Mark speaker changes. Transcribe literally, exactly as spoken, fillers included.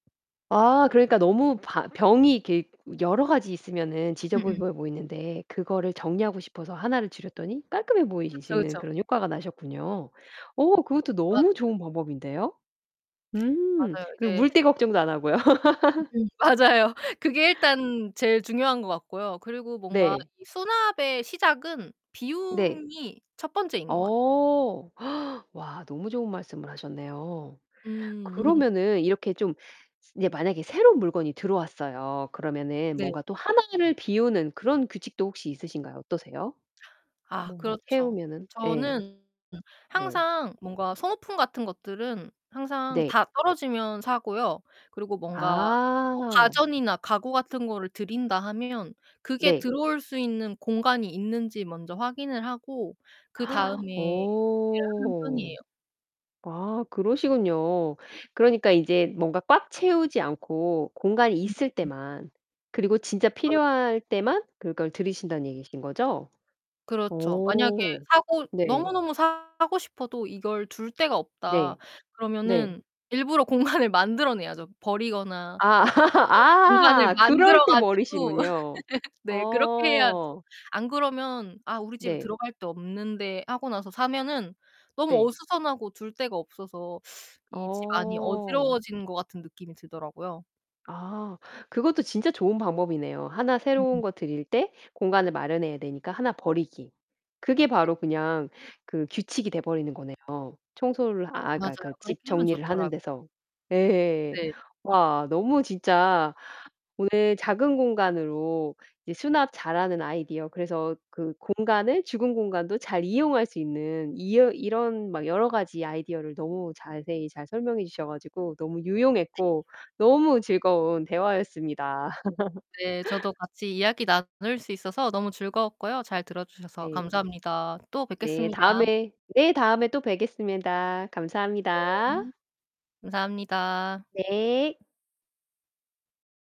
Speaker 1: 아 그러니까 너무 바 병이 이렇게 여러 가지 있으면은
Speaker 2: 음음.
Speaker 1: 지저부부 보이는데 그거를 정리하고 싶어서 하나를 줄였더니 깔끔해
Speaker 2: 그쵸,
Speaker 1: 보이시는
Speaker 2: 그쵸.
Speaker 1: 그런 효과가 나셨군요. 어 그것도 너무
Speaker 2: 맞아요.
Speaker 1: 좋은 방법인데요. 음
Speaker 2: 맞아요.
Speaker 1: 그리고
Speaker 2: 이제
Speaker 1: 물때 걱정도 안 하고요.
Speaker 2: 음음 맞아요. 그게 일단 제일 중요한 것 같고요. 그리고 뭔가
Speaker 1: 네.
Speaker 2: 이 수납의 시작은
Speaker 1: 네.
Speaker 2: 비움이 첫 번째인 것 같아요.
Speaker 1: 어. 와 너무 좋은 말씀을 하셨네요.
Speaker 2: 음.
Speaker 1: 그러면은 이렇게 좀 이제 만약에 새로운 물건이 들어왔어요. 그러면은
Speaker 2: 네.
Speaker 1: 뭔가 또 하나를 비우는 그런 규칙도 혹시 있으신가요? 어떠세요?
Speaker 2: 아
Speaker 1: 뭔가
Speaker 2: 그렇죠.
Speaker 1: 채우면은 예.
Speaker 2: 저는
Speaker 1: 네.
Speaker 2: 항상 뭔가 소모품 같은 것들은 항상
Speaker 1: 네.
Speaker 2: 다 떨어지면 사고요. 그리고 뭔가 뭐
Speaker 1: 아.
Speaker 2: 가전이나 가구 같은 거를 들인다 하면 그게
Speaker 1: 네.
Speaker 2: 들어올 수 있는 공간이 있는지 먼저 확인을 하고 그다음에 구매를 하는
Speaker 1: 오.
Speaker 2: 편이에요.
Speaker 1: 아. 그러시군요. 그러니까 이제 뭔가 꽉 채우지 않고 공간이
Speaker 2: 음
Speaker 1: 있을
Speaker 2: 음.
Speaker 1: 때만. 그리고 진짜
Speaker 2: 그렇죠.
Speaker 1: 필요할 때만 그걸 들이신다는 얘기신거죠?
Speaker 2: 그렇죠. 만약에
Speaker 1: 오.
Speaker 2: 사고
Speaker 1: 네.
Speaker 2: 너무너무 사고 싶어도 이걸 둘 데가 없다.
Speaker 1: 네. 네.
Speaker 2: 그러면은 일부러 공간을 만들어 내야죠. 버리거나
Speaker 1: 아
Speaker 2: [unintelligible] 공간을
Speaker 1: 아 그럴
Speaker 2: 만들어
Speaker 1: 때
Speaker 2: 가지고
Speaker 1: 버리시군요.
Speaker 2: 네 그렇게 해야죠.
Speaker 1: 어.
Speaker 2: 안 그러면 '아 우리 집에
Speaker 1: 네.
Speaker 2: 들어갈 데 없는데.' 하고 나서 사면은 너무
Speaker 1: 네.
Speaker 2: 어수선하고 둘 데가 없어서 이 집 안이
Speaker 1: 어.
Speaker 2: 어지러워진 것 같은 느낌이 들더라고요.
Speaker 1: 아 그것도 진짜 좋은 방법이네요. 하나 새로운
Speaker 2: 음음.
Speaker 1: 거 들일 때 공간을 마련해야 되니까 하나 버리기. 그게
Speaker 2: 네.
Speaker 1: 바로 그냥 그 규칙이 돼 버리는 거네요. 청소를 아 그러니까,
Speaker 2: 맞아요.
Speaker 1: 그러니까
Speaker 2: 그렇게
Speaker 1: 집
Speaker 2: 하면
Speaker 1: 정리를 하는
Speaker 2: 좋더라고요.
Speaker 1: 데서. 예.
Speaker 2: 네.
Speaker 1: 와 너무 진짜 오늘 작은 공간으로 이제 수납 잘하는 아이디어 그래서 그 공간을 죽은 공간도 잘 이용할 수 있는 이어 이런 막 여러 가지 아이디어를 너무 자세히 잘 설명해 주셔 가지고 너무
Speaker 2: 네.
Speaker 1: 유용했고 너무 즐거운 대화였습니다.
Speaker 2: 네, 저도 같이 이야기 나눌 수 있어서 너무 즐거웠고요. 잘 들어 주셔서
Speaker 1: 네.
Speaker 2: 감사합니다. 또
Speaker 1: 네.
Speaker 2: 뵙겠습니다.
Speaker 1: 다음에 네, 다음에 또 뵙겠습니다.
Speaker 2: 네.
Speaker 1: 감사합니다.
Speaker 2: 감사합니다.
Speaker 1: 네.